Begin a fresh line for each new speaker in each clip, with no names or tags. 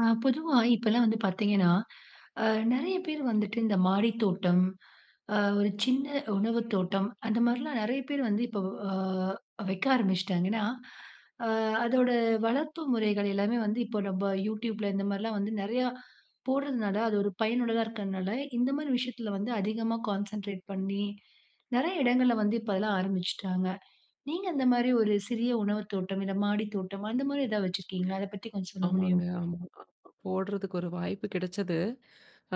ஆ பொதுவா இப்பல்லாம் வந்து பாத்தீங்கன்னா, அ நெறைய பேரு வந்துட்டு, இந்த மாடி தோட்டம் அ ஒரு சின்ன உணவுத்தோட்டம், அந்த மாரிலாம் நெறைய பேரு வந்து, இப்ப அ வைக்க ஆரம்பிச்சிட்டாங்க. ஏன்னா, அ அதோட வளர்ப்பு முறைகள் எல்லாமே வந்து இப்ப நம்ப YouTubeல இந்த மாரிலாம் வந்து நெறையா போடுறதுனால, அது ஒரு பயனுள்ளதா இருக்கனால, இந்தமாரி விஷயத்தில வந்து அதிகமா கான்சன்ட்ரேட் பண்ணி, நெறைய இடங்கள்ல வந்து இப்ப அதெல்லாம் ஆரம்பிச்சுட்டாங்க. நீங்க அந்தமாரி ஒரு சிறிய உணவுத் தோட்டம், இந்த மாடித் தோட்டம், அந்தமாரி எதா வச்சிருக்கீங்களா? அத பத்தி கொஞ்சம் சொல்ல
ஆமாங்க.
முடியுமா?
ஆமாமா. போடுறதுக்கு ஒரு வாய்ப்பு கிடைச்சது.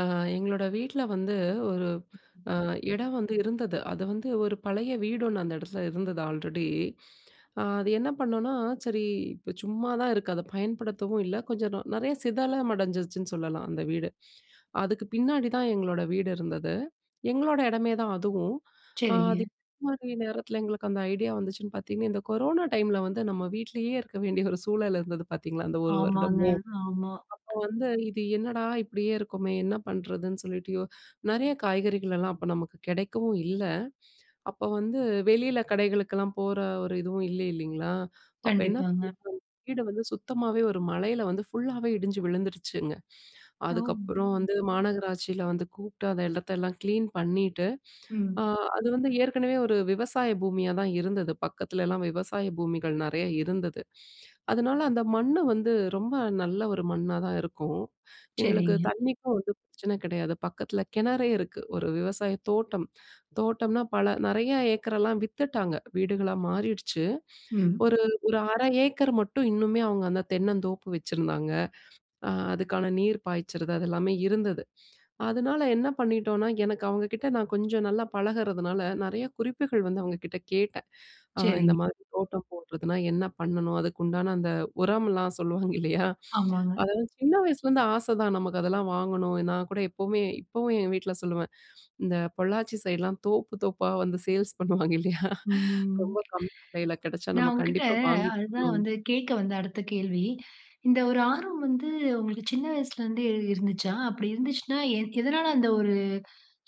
அ எங்களோட வீட்ல வந்து, ஒரு அ இடம் வந்து இருந்தது. அத வந்து ஒரு பழைய வீடு ஒண்ணு அந்த இடத்தில இருந்தது ஆல்ரெடி. அ அது என்ன பண்ணோனா, சரி இப்போ சும்மாதான் இருக்கு. அத பயன்படுத்தவும் இல்ல. கொஞ்சம் நொ நிறைய சிதலமடைஞ்சிருச்சுன்னு சொல்லலாம் அந்த வீடு. அதுக்கு பின்னாடிதான் எங்களோட வீடு இருந்தது. எங்களோட இடமேதான் அதுவும். [unintelligible]
சரிங்க.
நேரத்தில எங்களுக்கு அந்த ஐடியா வந்துச்சுன்னு பாத்தீங்கன்னா, இந்த கொரோனா டைம்ல வந்து நம்ம வீட்லேயே இருக்க வேண்டிய ஒரு சூழல் இருந்தது பாத்தீங்களா, அந்த 1
ஆமாங்க,
வருடமும்.
ஆமா.
அப்போ வந்து இது என்னடா! இப்பிடியே இருக்கமே! என்ன பண்றதுன்னு சொல்லிட்டு யோ நெறைய காய்கறிகள்லாம் அப்ப நமக்கு கிடைக்கவும் இல்ல. அப்ப வந்து வெளில கடைகளுக்கெல்லாம் போற ஒரு இதுவும் இல்ல இல்லேங்களா, அப்ப என்ன
கண்டிப்பாங்க.
[unintelligible] வீட வந்து சுத்தமாவே ஒரு மழையில வந்து ஃபுல்லாவே இடிஞ்சு விழுந்துருச்சுங்க.
ஓ!
அதுக்கப்புறம் வந்து மாநகராட்சில வந்து கூப்புட்டு. அந்த இடத்தெல்லாம் கிளீன் பண்ணீட்டு, அ
ம்.
அது வந்து ஏற்கனவே ஒரு விவசாய பூமியாதான் இருந்தது. பக்கத்துலலாம் விவசாய பூமிகள் நெறையா இருந்தது. அதனால அந்த மண்ண வந்து ரொம்ப நல்ல ஒரு மண்ணாதான் இருக்கும். எங்களுக்கு
சரிங்க.
தண்ணிக்கும் வந்து பிரச்சன கிடையாது. பக்கத்துல கிணறே இருக்கு. ஒரு விவசாய தோட்டம். தோட்டம்னா பல நெறைய ஏக்கரல்லாம் வித்துட்டாங்க. வீடுகளா மாறிடுச்சு.
ம்.
ஒரு, ஒரு 1/2 ஏக்கர் மட்டும் இன்னுமே அவுங்க அந்த தென்னந்தோப்பு வச்சிருந்தாங்க. அ அதுக்கான நீர் பாய்ச்சறது அதெல்லாமே இருந்தது. அதனால என்ன பண்ணிட்டோன்னா, எனக்கு அவுங்கக்கிட்ட நான் கொஞ்சம் நல்லா பழகுறதுனால, நெறைய குறிப்புகள் வந்து அவுங்கக்கிட்ட கேட்டேன். அ
சரிங்க.
"இந்தமாரி தோட்டம் போடுறதுனா என்ன பண்ணணும்? அதுக்கு உண்டான அந்த உரம்லாம் சொல்லுவாங்க இல்லையா,
ஆமாங்க.
அதெல்லாம் சின்ன வயசுலேருந்து ஆசதான் நமக்கு அதெல்லாம் வாங்கணும். நான்கூட எப்பமே இப்பவும் ஏன் வீட்ல சொல்லுவேன், இந்த பொள்ளாச்சி சைட்லாம் தோப்பு, தோப்பா வந்து சேல்ஸ் பண்ணுவாங்க இல்லயா,
ம்.
ரொம்ப கம்மி விலையில கிடச்சா நம்ம
நான் உங்கக்கிட்ட
கண்டிப்பா வாங்கி
அதுதான்
போடணும்.
வந்து கேட்க வந்தேன், அடுத்த கேள்வி. இந்த ஒரு ஆர்வம் வந்து, உங்களுக்கு சின்ன வயசுல இருந்தே இருந்துச்சா? அப்பிடி இருந்துச்சுன்னா, எ எதனால அந்த ஒரு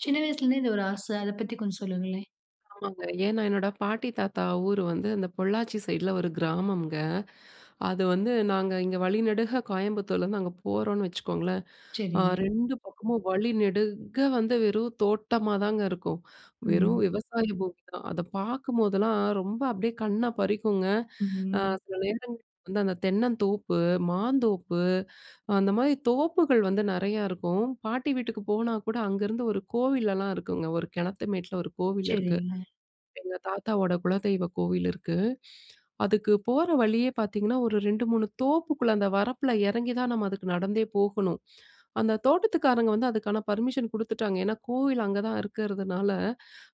சின்ன வயசுல இருந்தே, இந்த ஒரு ஆச அத பத்தி கொஞ்சம் சொல்லுங்களேன்.
ஆமாங்க. ஏன்னா என்னோட பாட்டி, தாத்தா ஊர் வந்து அந்த பொள்ளாச்சி சைட்ல ஒரு கிராமம்ங்க. அது வந்து நாங்க இங்க வழி நெடுக கோயம்புத்தூர்லருந்து அங்க போறோன்னு வச்சுக்கோங்களேன். அ
சரிங்க.
2 பக்கமும் வழி நெடுக வந்து வெறும் தோட்டமா தாங்க இருக்கும். வெறும்
ம்.
விவசாய பூமி தான். அத பார்க்கும் போதெல்லாம், ரொம்ப அப்பிடியே கண்ண பறிக்குங்க. அ
ம்.
சில நேரங்கள்ல வந்து அந்த தென்னந்தோப்பு, மாந்தோப்பு. அந்தமாரி தோப்புகள் வந்து நிறையா இருக்கும். பாட்டி வீட்டுக்கு போனா கூட, அங்கேருந்து ஒரு கோவில் எல்லாம் இருக்குங்க. ஒரு கிணத்து மேட்ல, ஒரு கோவில் இருக்கு.
சரிங்க.
எங்க தாத்தாவோட குலதெய்வ கோவில் இருக்கு. அதுக்கு போற வழியே பாத்தீங்கன்னா, ஒரு 2, 3 தோப்புக்குள்ள அந்த வரப்புல இறங்கி தான் நம்ம அதுக்கு நடந்தே போகணும். அந்த தோட்டத்துக்காரங்க வந்து அதுக்கான பர்மிஷன் குடுத்துட்டாங்க. ஏன்னா கோவில் அங்க தான் இருக்கிறதுனால,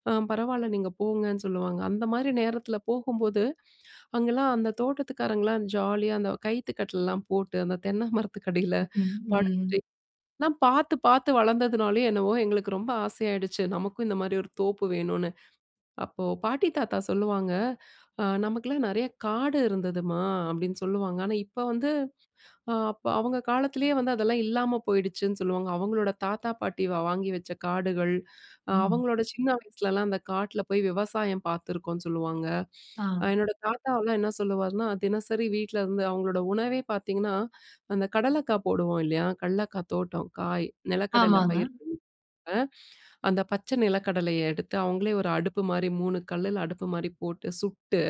அ பரவாயில்ல, நீங்க போங்கன்னு சொல்லுவாங்க. அந்தமாரி நேரத்துல போகும்போது, அங்கேல்லாம் அந்த தோட்டத்துக்காரங்கள்லாம் ஜாலியா அந்த கயித்து கட்டில்லாம் போட்டு, அந்த தென்ன மரத்துக்கடில
ம்ஹ்ம். ம்.
படுத்து, நான் பாத்து, பாத்து வளர்ந்ததுனாலயோ! என்னவோ எங்களுக்கு ரொம்ப ஆசையாயிடுச்சு, நமக்கும் இந்த மாதிரி ஒரு தோப்பு வேணுனு. அப்போ பாட்டி தாத்தா சொல்லுவாங்க, "ஆ நமக்கெல்லாம் நிறைய காடு இருந்ததும்மா" அப்பிடின்னு சொல்லுவாங்க. ஆனா இப்ப வந்து அ அப்ப அவுங்க காலத்துலயே வந்து அதெல்லாம் இல்லாம போயிடுச்சுன்னு சொல்லுவாங்க. அவுங்களோட தாத்தா பாட்டி வா வாங்கி வச்ச காடுகள், அ
ம்.
அவங்களோட சின்ன வயசுலலாம் அந்த காட்ல போய் விவசாயம் பார்த்துருக்கோன்னு சொல்லுவாங்க. அ
ஆ.
என்னோட தாத்தாவுல்லாம் என்ன சொல்லுவாருன்னா, தினசரி வீட்ல இருந்து அவுங்களோட உணவே பாத்தீங்கன்னா, அந்த கடலக்கா போடுவோம் இல்லயா, கடலக்கா தோட்டம். காய், நிலக்கடல
ஆமாங்க.
பயிர் [unintelligible] அ அந்த பச்ச நிலக்கடலைய எடுத்து, அவுங்களே ஒரு அடுப்பு மாரி 3 கல்லுல அடுப்பு மாரி போட்டு சுட்டு,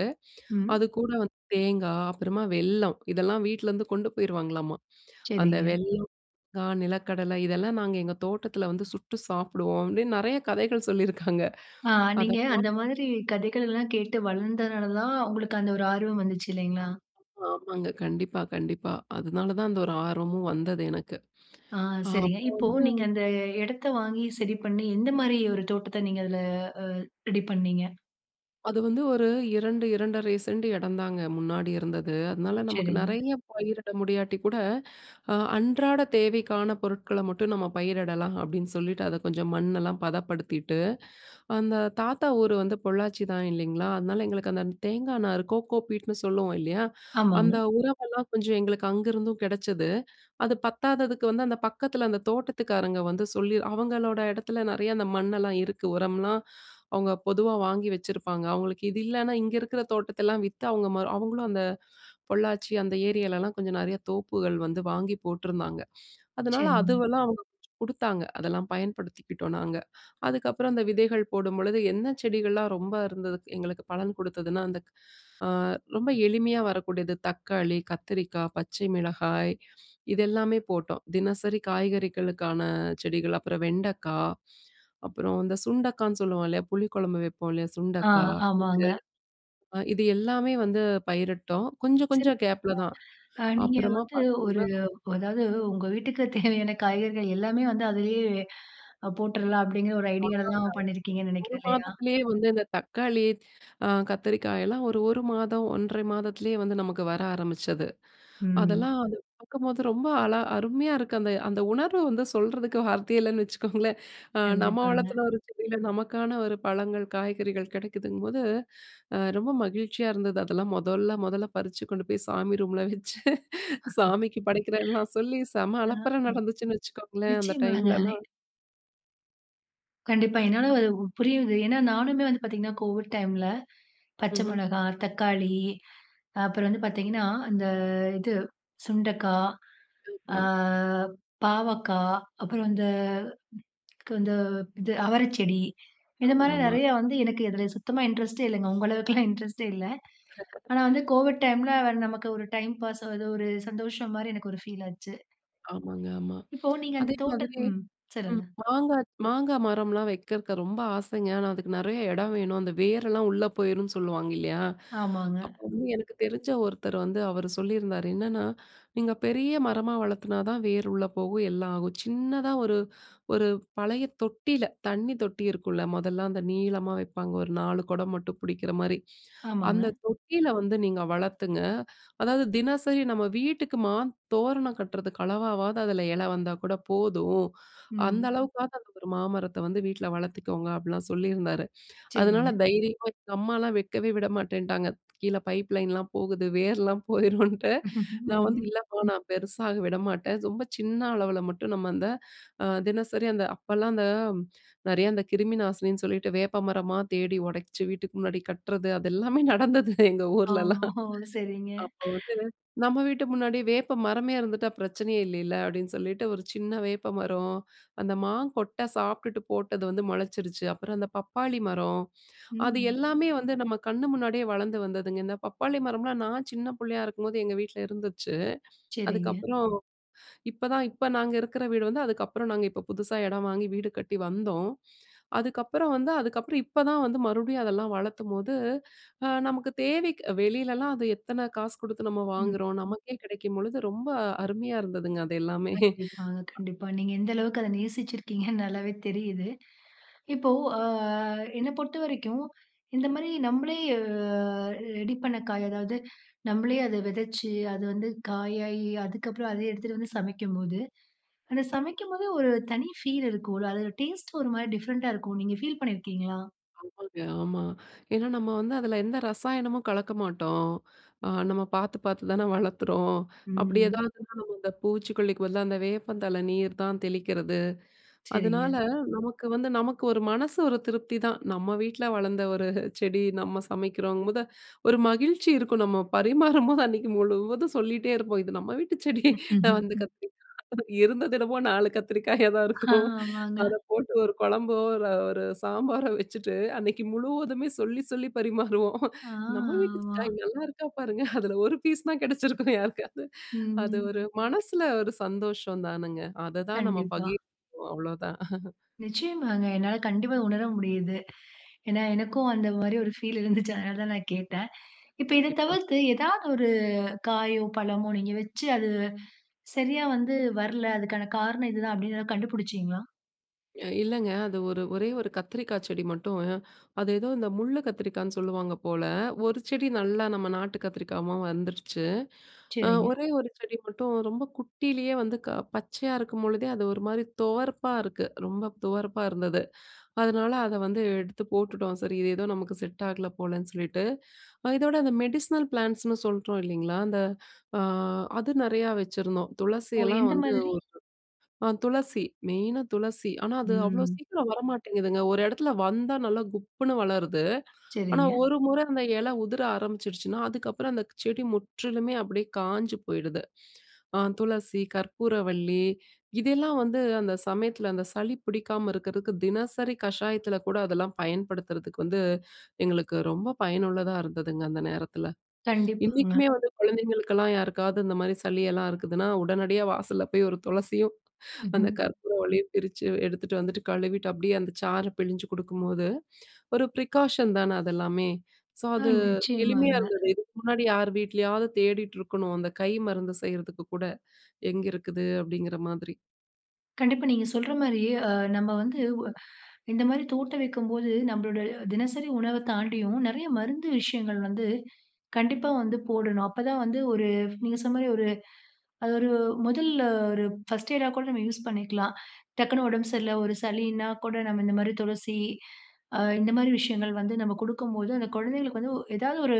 ம்.
அதுக்கூட வந்து தேங்காய் அப்புறமா வெல்லம் இதெல்லாம் வீட்லேருந்து கொண்டு போயிடுவாங்களாமா. அந்த
சரிங்க.
வெல்லம் [unintelligible] நிலக்கடலை இதெல்லாம் நாங்க எங்க தோட்டத்துல வந்து சுட்டு சாப்பிடுவோம், அப்பிடின்னு நிறைய கதைகள் சொல்லியிருக்காங்க
ஆ,
அத
நீங்க
பாத்
அந்த மாதிரி கதைகள் எல்லாம் கேட்டு வளர்ந்ததுனால தான், உங்களுக்கு அந்த ஒரு ஆர்வம் வந்துச்சு. இல்லேங்களா?
ஆமாங்க. கண்டிப்பா, கண்டிப்பா. அதனால தான் அந்த ஒரு ஆர்வமும் வந்தது எனக்கு.
ஆ,
அ
சரிங்க.
அப்ப
இப்போ
வந்து
நீங்க அந்த இடத்த வாங்கி, சரி பண்ணி, எந்தமாரி ஒரு தோட்டத்த நீங்க அதுல அ ரெடி பண்ணீங்க?
அது வந்து ஒரு 2, 2 1/2 சென்ட்டு இடம் தாங்க, முன்னாடி இருந்தது. அதுனால, நமக்கு
சரிங்க.
நெறைய பயிரிட முடியாட்டி கூட, அ அன்றாட தேவைக்கான பொருட்கள மட்டும் நம்ம பயிரிடலாம், அப்டின்னு சொல்லிட்டு அத கொஞ்சம் மண்ணெல்லாம் பதப்படுத்திட்டு, அந்த தாத்தா ஊரு வந்து பொள்ளாச்சி தான் இல்லைங்களா, அதனால எங்களுக்கு அந்த, இந்த தேங்காய் நாரு, கோக்கோ பீட்ன்னு சொல்லுவோம் இல்லையா? அந்த
ஆமாங்க.
உரமெல்லாம் கொஞ்சம் எங்களுக்கு அங்கிருந்தும் கிடைச்சது. அது பத்தாததுக்கு வந்து அந்த பக்கத்துல, அந்த தோட்டத்துக்காரங்க வந்து சொல்லி அவங்களோட இடத்துல நெறைய அந்த மண்ணெல்லாம் இருக்கு. உரம்லாம், அவங்க பொதுவா வாங்கி வச்சிருப்பாங்க. அவங்களுக்கு இது இல்லன்னா இங்க இருக்கிற தோட்டத்தெல்லாம் வித்து, அவங்க மரம் அவங்களும் அந்த, பொள்ளாச்சி அந்த ஏரியாலலாம் கொஞ்சம் நெறைய தோப்புகள் வந்து வாங்கி போட்ருந்தாங்க. அதுனால
சரிங்க.
அதுவெல்லாம் அவங்க குடுத்தாங்க. அதெல்லாம் பயன்படுத்திக்கிட்டோம் நாங்க. அதுக்கப்புறம் அந்த விதைகள் போடும்பொழுது, என்ன செடிகள்லாம் ரொம்ப இருந்தது எங்களுக்கு பலன் கொடுத்ததுனா, அந்த அ ரொம்ப எளிமையா வரக்கூடிய, அந்த தக்காளி, கத்திரிக்கா, பச்சை மிளகாய் இதெல்லாமே போட்டோம். தினசரி காய்கறிகளுக்கான, செடிகள் அப்புறம் வெண்டக்கா. அப்புறம் இந்த சுண்டக்கான்னு சொல்லுவோம் இல்லையா? புளிக்குழம்பு வைப்போம் இல்லையா?
ஆ,
சுண்டக்கா.
ஆமாங்க.
[unintelligible] அ இது எல்லாமே வந்து பயிரிட்டோம். கொஞ்சம் கொஞ்சம்
சிறப்புங்க.
கேப்‌புல தான்.
அ நீங்க
அப்புறமா
வந்து ஒரு
பார்த்தீங்கன்னா
அதாவது, உங்க வீட்டுக்குத் தேவையான காய்கறிகள் எல்லாமே வந்து அதுலயே, அ போட்டுறலாம் அப்டிங்கிற ஒரு
[unintelligible]
ஐடியால தான் பண்ணீருக்கீங்கன்னு
1
நெனைக்கிறேன், இல்லையா?
மாதத்திலேயே வந்து இந்த தக்காளி, அ கத்திரிக்காயெல்லாம் ஒரு, 1 மாதம், 1 1/2 மாதத்துலேயே வந்து நமக்கு வர ஆரம்பிச்சது.
ம்.
அதெல்லாம், அத பாக்கும்போது, ரொம்ப அழ அருமையா இருக்கு. அந்த அந்த உணர்வு வந்து சொல்றதுக்கு வார்த்தையே இல்லைன்னு வச்சுக்கோங்களேன். அ நம்ம
கண்டிப்பாங்க.
வளர்த்துன ஒரு செடில, நமக்கான ஒரு பழங்கள், காய்கறிகள் கிடைக்குதுங்கும்போது, அ ரொம்ப மகிழ்ச்சியா இருந்தது. அதெல்லாம் மொதல்ல, மொதல்ல பறிச்சு கொண்டு போய், சாமி ரூம்ல வச்சு, சாமிக்கு படைக்கிறேன்லாம் சொல்லி, செம
ஆ.
அலப்பற நடந்துச்சுன்னு வச்சுக்கோங்களேன், அந்த
நிச்சியமாங்க.
டைம்லலாம்.
கண்டிப்பா என்னால அது புரியுறது. ஏன்னா நானுமே வந்து பார்த்தீங்கன்னா கோவிட் டைம்ல, பச்சை
ம்ஹ்ம்.
மிளகாய், தக்காளி அப்புறம் வந்து பார்த்தீங்கணா, அந்த இது சுண்டைக்காய், அ
[unintelligible]
பாவக்காய். அப்புறம் இந்த இந்த இது அவரை செடி. இந்த மாரி
ஆமாமா.
நெறையா வந்து, எனக்கு இதில சுத்தமா இன்ட்ரெஸ்ட்டே இல்லைங்க. உங்க அளவுக்கெல்லாம் இன்ட்ரெஸ்ட்டே இல்லை. ஆனா வந்து கோவிட் டைம்ல, நமக்கு ஒரு டைம் பாஸ் ஆகுது. ஒரு சந்தோஷம் மாரி எனக்கு ஒரு ஃபீல் ஆச்சு.
ஆமாங்க ஆமா.
இப்போ நீங்க அந்த
அதே
தோட்டம்
மாதிரி
ம்
ம்
சொல்லுங்க.
மாங்காய் மாங்காய் மரம்லாம் வைக்கிறதுக்கு ரொம்ப ஆசைங்க, ஆனா அதுக்கு நெறைய எடம் வேணும். அந்த வேரெல்லாம் உள்ளே போயிரும்ணு சொல்லுவாங்க இல்லையா?
ஆமாங்க.
அப்ப வந்து எனக்கு தெரிஞ்ச ஒருத்தர் வந்து அவரு சொல்லியிருந்தாரு என்னன்னா, "நீங்க பெரிய மரமா வளர்த்தா தான் வேர் உள்ள போகும், எல்லாம் ஆகும். சின்னதா ஒரு ஒரு பழைய தொட்டில தண்ணி தொட்டி இருக்கும்ல, மொதல்ல அந்த நீளமா வைப்பாங்க. ஒரு 4 குடம் மட்டும் புடிக்கிற மாரி.
ஆமாங்க.
அந்த தொட்டில வந்து நீங்க வளருங்க, அதாவது தினசரி நம்ம வீட்டுக்கு மாத்தோரணம் கட்டுறதுக்கு அளவாவது அதுல இலை வந்தா கூட போதும். அந்த
ம்.
அளவுக்காவது அந்த ஒரு மாமரத்தை வந்து வீட்ல வளர்த்துக்கோங்க"அப்டிலாம் சொல்லிருந்தாரு. அதனால
சரிங்க.
தைரியமா, எங்க அம்மாலாம் வைக்கவே விடமாட்டேன்ட்டாங்க. "கீழே பைப் லைன்லாம் போகுது. வேர்லாம் போயிரும்னுட்டு," நான் வந்து "இல்லைம்மா நான் பெருசாக விடமாட்டேன். ரொம்ப சின்ன அளவுல மட்டும்" நம்ம அந்த தினசரி அந்த அப்பலாம் அந்த நெறைய அந்த கிருமி நாசினின்னு சொல்லிவிட்டு வேப்பமரமா தேடி உடைச்சு வீட்டுக்கு முன்னாடி கட்டுறது அது எல்லாமே நடந்தது எங்க ஊரிலலாம்.
ஆமா, ஓ! சரிங்க.
அப்ப வந்து "நம்ம வீட்டு முன்னாடி வேப்ப மரமே இருந்துட்டா பிரச்சனையே இல்லைல" அப்படின்னு சொல்லிட்டு, ஒரு சின்ன வேப்பமரம் அந்த மாங்கொட்டை சாப்பிட்டுட்டு போட்டது வந்து முளைச்சிருச்சு. அப்புறம் அந்த பப்பாளி மரம். அது
ம்.
எல்லாமே வந்து நம்ம கண்ணு முன்னாடியே வளர்ந்து வந்ததுங்க. இந்த பப்பாளி மரம்லாம் நான் சின்ன புள்ளையா இருக்கும்போது எங்கள் வீட்டில இருந்துச்சு.
சரிங்க.
அதுக்கப்புறம் இப்பதான் இப்ப நாங்க இருக்கிற வீடு வந்து, அதுக்கப்புறம் நாங்க இப்ப புதுசாக எடம் வாங்கி வீடு கட்டி வந்தோம். அதுக்கப்புறம் வந்து அதுக்கப்புறம் இப்ப தான் வந்து மறுபடியும் அதெல்லாம் வளர்க்கும்போது, நமக்கு தேவைக்கு, வெளிலலாம் அது எத்தனை காசு குடுத்து நம்ம
ம்.
வாங்குறோம். நமக்கே கிடைக்கும் பொழுது ரொம்ப அருமையா இருந்ததுங்க அது எல்லாமே
கண்டிப்பாங்க, கண்டிப்பா நீங்க எந்த அளவுக்கு அத நேசிச்சிருக்கீங்கன்னு நல்லாவே தெரியுது. இப்போ அ என்ன பொறுத்த வரைக்கும், இந்த மாரி நம்மளே அ ரெடி பண்ண காய், அதாவது நம்மளே அத விதைச்சு அது வந்து காயாகி அதுக்கப்புறம் அதை எடுத்துட்டு வந்து சமைக்கும்போது, அந்த சமைக்கும்போதே ஒரு தனி ஃபீல் இருக்கும் இல்ல. அதோட டேஸ்ட் ஒரு மாரி டிஃப்ரெண்ட்டா இருக்கும். நீங்க ஃபீல் பண்ணியிருக்கீங்களா?
ஆமாங்க, ஆமா. ஏன்னா நம்ம வந்து அதுல எந்த ரசாயனமும் கலக்க மாட்டோம். அ நம்ம பாத்து பாத்து தான வளர்க்குறோம் அப்படி
ம்.
ஏதாவதுன்னா நம்ம அந்த பூச்சிக்கொல்லிக்கு பதிலா அந்த வேப்பந்தழ நீர் தான் தெளிக்கிறது. அதனால
சரிங்க.
நமக்கு வந்து நமக்கு ஒரு மனசு ஒரு திருப்திதான். நம்ம வீட்டில வளர்ந்த ஒரு செடி நம்ம சமைக்கிறோங்கும்போது, ஒரு மகிழ்ச்சி இருக்கும். நம்ம பரிமாறும்போது அன்னைக்கு முழுவதும் சொல்லிட்டே இருப்போம். இது நம்ம வீட்டு செடி, அந்த கத்திரிக்கா, இருந்தது என்னமோ 4 கத்தரிக்காயா தான்
ஆ,
இருக்கும்.
ஆமாங்க.
அத போட்டு ஒரு கொழம்போ, ஒரு சாம்பாரோ வச்சுட்டு அன்னைக்கு முழுவதுமே சொல்லி சொல்லி பரிமாறுவோம்.
ஆ,
"நம்ம
ஆமா.
வீட்டுக்காய் நல்லா இருக்கா பாருங்க" அதுல ஒரு பீஸ் தான் கிடைச்சிருக்கும் யாருக்காவது. அது
ம்.ம்
ஒரு மனசுல ஒரு சந்தோஷம் தானுங்க. அத தான் நம்ம
கண்டிப்பா.
பகிர்வோம் அவ்வளோதான். அஹ.
நிச்சயமாங்க, என்னால கண்டிப்பா உணர முடியுது. ஏன்னா எனக்கும் அந்த மாரி ஒரு ஃபீல் இருந்துச்சு. அதனால தான் நான் கேட்டேன். இப்ப இத
கண்டிப்பா.
தவிர்த்து ஏதாவது ஒரு காயோ, பழமோ நீங்க வச்சு அது சரியா வந்து வரல. அதுக்கான காரணம் இதுதான் அப்படின்னு எதாவது கண்டுபுடிச்சீங்களா?
இ இல்லங்க. அது ஒரு ஒரே ஒரு கத்திரிக்காச்செடி மட்டும். அது ஏதோ இந்த முள்ளு கத்திரிக்கான்னு சொல்லுவாங்க போல. ஒரு செடி நல்லா நம்ம நாட்டு கத்திரிக்காவா வந்துருச்சு. அ
சரிங்க.
ஒரே ஒரு செடி மட்டும் ரொம்ப குட்டிலேயே வந்து, க பச்சையா இருக்கும்பொழுதே அது ஒரு மாதிரி துவர்ப்பாருக்கு. ரொம்ப துவர்ப்பா இருந்தது. அதனால அத வந்து எடுத்து போட்டுட்டோம். சரி, இது ஏதோ நமக்கு செட் ஆகல போலன்னு சொல்லிட்டு. அ இதோட அந்த மெடிசினல் பிளான்ட்ஸ்னு சொல்றோம் இல்லைங்களா, அந்த அ அது நெறையா வச்சிருந்தோம். துளசி
ஓ!
எல்லாம்
எந்த
வந்து
மாதிரி?
ஒரு அ துளசி மெயினா துளசி. ஆனா, அது அவ்ளோ
ம்.
சீக்கிரம் வரமாட்டேங்குதுங்க. ஒரு இடத்துல வந்தா நல்லா குப்புன்னு வளருது. ஆனா,
சரிங்க.
ஒரு முற அந்த இல உதிர ஆரம்பிச்சுடுச்சுனா, அதுக்கப்புறம் அந்த செடி முற்றிலுமே அப்படியே காஞ்சு போயிடுது. அ துளசி, கற்பூரவள்ளி, இதெல்லாம் வந்து அந்த சமயத்துல அந்த சளி புடிக்காம இருக்கறக்கு தினசரி கஷாயத்துல கூட அதெல்லாம் பயன்படுத்துறதுக்கு வந்து எங்களுக்கு ரொம்ப பயனுள்ளதா இருந்ததுங்க அந்த நேரத்தில.
கண்டிப்பாங்க.
இன்னைக்குமே வந்து குழந்தைங்களுக்கெல்லாம் யாருக்காவது இந்த மாரி சளி எல்லாம் இருக்குதுன்னா, உடனடியா வாசல்ல போய் ஒரு துளசியும் அந்த
ம்ஹ்ம்.
கற்பூரவள்ளியையும் பிரிச்சு எடுத்துட்டு வந்துட்டு கழுவிவிட்டு அப்படியே அந்த சாறு பிழிஞ்சு குடுக்கும்போது, ஒரு ப்ரிகாஷன் தானே அதெல்லாமே. ஸோ
ஆ,
அது, எளிமையா
நிச்சயமாங்க.
இருந்தது. இதுக்கு முன்னாடி யார் வீட்லயாவது தேடிட்டுருக்கணும். அந்த கை மருந்து செய்றதுக்கு கூட. எங்கிருக்குது அப்படிங்கிற மாதிரி.
கண்டிப்பா, நீங்க சொல்ற மாரி அ நம்ம வந்து ஒ இந்த மாரி தோட்டம் வைக்கும்போது, நம்மளோட தினசரி உணவை தாண்டியும் நெறைய மருந்து விஷயங்கள் வந்து, கண்டிப்பா வந்து போடணும். அப்போதான் வந்து, ஒரு நீங்க சொன்ன மாரி ஒரு அது ஒரு முதல்ல ஒரு ஃபர்ஸ்ட் எய்டா கூட நம்ம யூஸ் பண்ணிக்கலாம். டக்குன்னு உடம்பு சரியில்ல, ஒரு சளினா கூட நம்ம இந்த மாரி துளசி, அ இந்த மாரி விஷயங்கள் வந்து நம்ம கொடுக்கும்போது, அந்த குழந்தைகளுக்கு வந்து, எதாவது ஒரு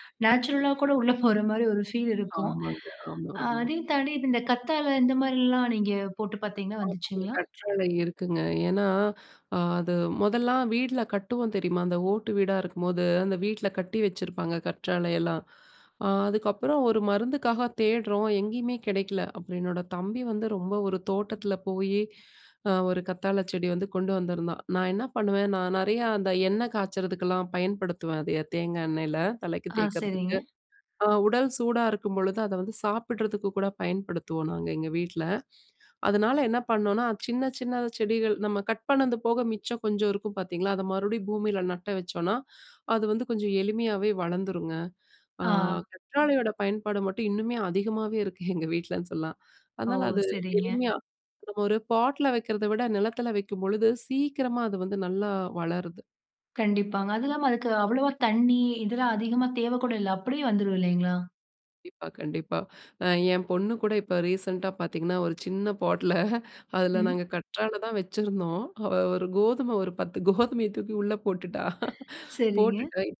அ நேச்சுரலா கூட உள்ளே போற மாரி ஒரு ஃபீல் இருக்கும்.
ஆமாங்க. ஆமா, ஆமா.
அதே தாண்டி இந்த கத்தாழை, இந்த மாதிரிலாம் நீங்க போட்டு பாத்தீங்களா,
ஆமாங்க.
வந்துச்சுங்களா?
கற்றாழை இருக்குங்க. ஏன்னா, அ அது மொதல்லாம் வீட்ல கட்டுவோம் தெரியுமா, அந்த ஓட்டு வீடா இருக்கும்போது, அந்த வீட்ல கட்டி வச்சிருப்பாங்க கற்றாழையெல்லாம். அ அதுக்கப்புறம் ஒரு மருந்துக்காக தேடுறோம், எங்கேயுமே கிடைக்கல. அப்புறம் என்னோட தம்பி வந்து ரொம்ப ஒரு தோட்டத்தில போயி, அ ஒரு கத்தாழை செடி வந்து கொண்டு வந்திருந்தான். நான் என்ன பண்ணுவேன், நான் நெறையா அந்த எண்ண காய்ச்சறதுக்கெல்லாம் பயன்படுத்துவேன். அத தேங்காய் எண்ணெயில, தலைக்கு
ஆ, சரிங்க.
தேய்க்கிறதுக்கு. அ உடல் சூடா இருக்கும்பொழுது, அதை வந்து சாப்பிடுறதுக்கு கூட பயன்படுத்துவோம் நாங்க எங்க வீட்ல. அதனால என்ன பண்ணோம்னா, சின்ன, சின்ன செடிகள். நம்ம கட் பண்ணது போக மிச்சம் கொஞ்சம் இருக்கும் பாத்தீங்களா, அத மறுபடியும் பூமியில நட்ட வச்சோம்னா, அது வந்து கொஞ்சம் எளிமையாவே வளர்ந்துருங்க. அ
ஆ.
கற்றாழையோட பயன்பாடு மட்டும் இன்னுமே, அதிகமாகவே இருக்கு எங்க வீட்டிலனு சொல்லலாம்.
ஓ!
அதனால அது
சரிங்க.
எளிமையா நம்ம ஒரு பாட்ல வைக்கிறத விட, நிலத்தில வைக்கும்பொழுது, சீக்கிரமா அது வந்து நல்லா வளருது.
கண்டிப்பாங்க. அது இல்லாம அதுக்கு அவ்வளவா தண்ணி, இதெல்லாம் அதிகமா தேவ கூட இல்ல. அப்படியே வந்துரும் இல்லைங்களா?
கண்டிப்பா, கண்டிப்பா. அ ஏன் பொண்ணு கூட இப்ப ரீசென்ட்டா பாத்தீங்கன்னா, ஒரு சின்ன பாட்ல அதுல
ம்.
நாங்க கற்றாழை தான் வெச்சிருந்தோம். அவ ஒரு கோதுமை ஒரு பத்து கோதுமைய தூக்கி உள்ள
ம்,
போட்டுட்டா,
சரிங்க.
போட்டுட்டு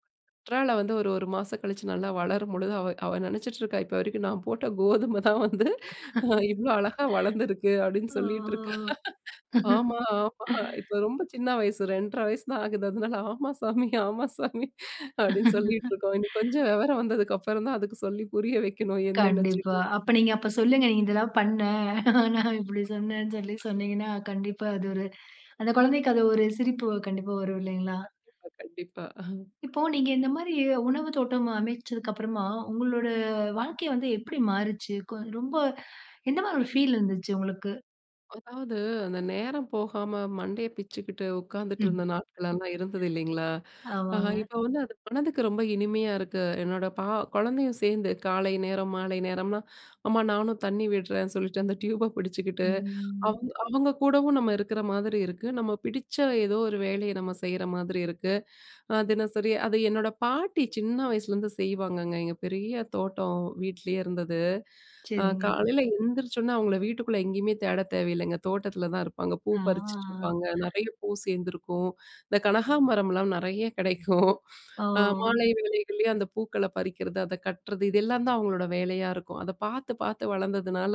கற்றாழை வந்து, ஒரு ஒரு மாசம் கழிச்சு நல்லா வளரும்பொழுது, அவ அவ நெனச்சிட்டுருக்கா, இப்ப வரைக்கும் "நா போட்ட கோதுமை தான் வந்து அ இவ்ளோ அழகா வளந்திருக்கு" அப்டின்னு
ஆ
சொல்லிட்ருக்கா. "ஆமா ஆமா" இப்போ ரொம்ப சின்ன வயசு. 2.5 வயசு தான் ஆகுது. அதனால ஆமா சாமி, ஆமா சாமி" அப்டின்னு சொல்லிட்டுருக்கோம். இனி கொஞ்சம் வெவரம் வந்ததுக்கு அப்பறம் தான், அதுக்கு சொல்லி புரிய வைக்கணும். என்னன்ன
கண்டிப்பா.
[unintelligible]
அப்ப நீங்க அப்ப சொல்லுங்க நீ இதெல்லாம் பண்ண. நான் இப்படி சொன்னேன்னு சொல்லி
[unintelligible]
சொன்னீங்கன்னா, கண்டிப்பா அது ஒரு அந்த குழந்தைக்கு அது ஒரு சிரிப்பு கண்டிப்பா வரும் இல்லைங்களா.
கண்டிப்பா, கண்டிப்பா. அஹ.
இப்போ நீங்க இந்த மாரி உணவு தோட்டம் அமைச்சதுக்கு அப்புறமா, உங்களோட வாழ்க்கை வந்து எப்படி மாறுச்சு? கொ ரொம்ப எந்த மாரி ஒரு ஃபீல் இருந்துச்சு உங்களுக்கு?
அதாவது, அந்த நேரம் போகாம மண்டைய பிச்சுக்கிட்டு,
ம்.
உக்காந்துட்டுருந்த நாட்கள்லலாம் இருந்தது இல்லைங்களா! ஆனா
ஆமாங்க.
இப்ப வந்து அது மனதுக்கு ரொம்ப இனிமையா இருக்கு. என்னோட பா குழந்தையும் சேந்து காலை நேரம், மாலை நேரம்லாம், அம்மா நானும் தண்ணி விடுறேன்னு சொல்லிட்டு அந்த டியூப பிடிச்சுக்கிட்டு,
ம்.
அவுங்க அவுங்க கூடவும் நம்ம இருக்கிற மாதிரி இருக்கு. நம்ம பிடிச்ச ஏதோ ஒரு வேலைய, நம்ம செய்ற மாதிரி இருக்கு. அ தினசரி அது என்னோட பாட்டி சின்ன வயசுலருந்து செய்வாங்கங்க. எங்க பெரிய தோட்டம். வீட்லயே இருந்தது, அ
செரிங்க.
காலையில எழுந்திரிச்சோனே அவுங்கள வீட்டுக்குள்ள எங்கயுமே தேட தேவையில்லங்க. தோட்டத்துல தான் இருப்பாங்க, பூ
ஆ.
பறிச்சுட்டுருப்பாங்க, நெறைய பூ சேந்திருக்கும். இந்த கனகாம்பரம்லாம் நெறைய கிடைக்கும். அ
ஓ!
மாலை வேளைகள்லயே அந்த பூக்கள பறிக்கறது, அத கட்டுறது, இதெல்லான் தான் அவுங்களோட வேலையா இருக்கும். அத பாத்து, பாத்து வளந்ததுனால,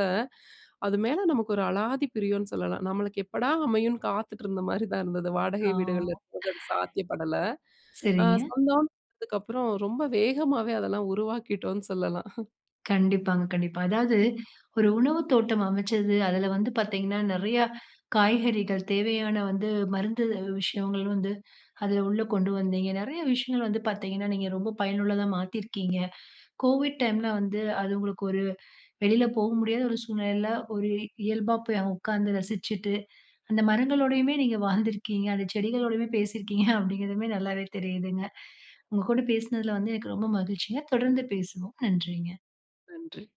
அது மேல நமக்கு ஒரு அலாதி பிரியன்னு சொல்லலாம். நம்மளுக்கு எப்படா அமையும்னு, காத்துட்டு இருந்த மாரி தான் இருந்தது. வாடகை வீடுகள்ல
ஆ.
இருக்கும் போது அது சாத்தியப்படல, அ
சரிங்க.
சொந்தம் அதுக்கப்புறம் ரொம்ப வேகமாவே, அதெல்லாம் உருவாக்கிட்டோன்னு சொல்லலாம்.
கண்டிப்பாங்க, கண்டிப்பா. அதாவது ஒரு உணவுத்தோட்டம் அமைச்சது. அதுல வந்து பாத்தீங்கன்னா நெறையா, காய்கறிகள் தேவையான வந்து மருந்து விஷயங்கள் வந்து, அதுல உள்ள கொண்டு வந்தீங்க, நெறைய விஷயங்கள் வந்து பாத்தீங்கன்னா, நீங்க ரொம்ப பயனுள்ளதா மாத்தீயிருக்கீங்க. கோவிட் டைம்ல வந்து, அது உங்களுக்கு ஒரு வெளில போக முடியாத ஒரு சூழ்நிலையில, ஒரு இயல்பா போய் அ உக்காந்து ரசிச்சுட்டு, அந்த மரங்களோடையுமே நீங்க வாழ்ந்திருக்கீங்க, அந்த செடிகளோடையுமே பேசியிருக்கீங்க, அப்படிங்கிறதுமே நல்லாவே தெரியுதுங்க, உங்க கூட பேசுனதுல வந்து எனக்கு ரொம்ப மகிழ்ச்சிங்க. தொடர்ந்து பேசுவோம், நன்றிங்க.
நன்றி.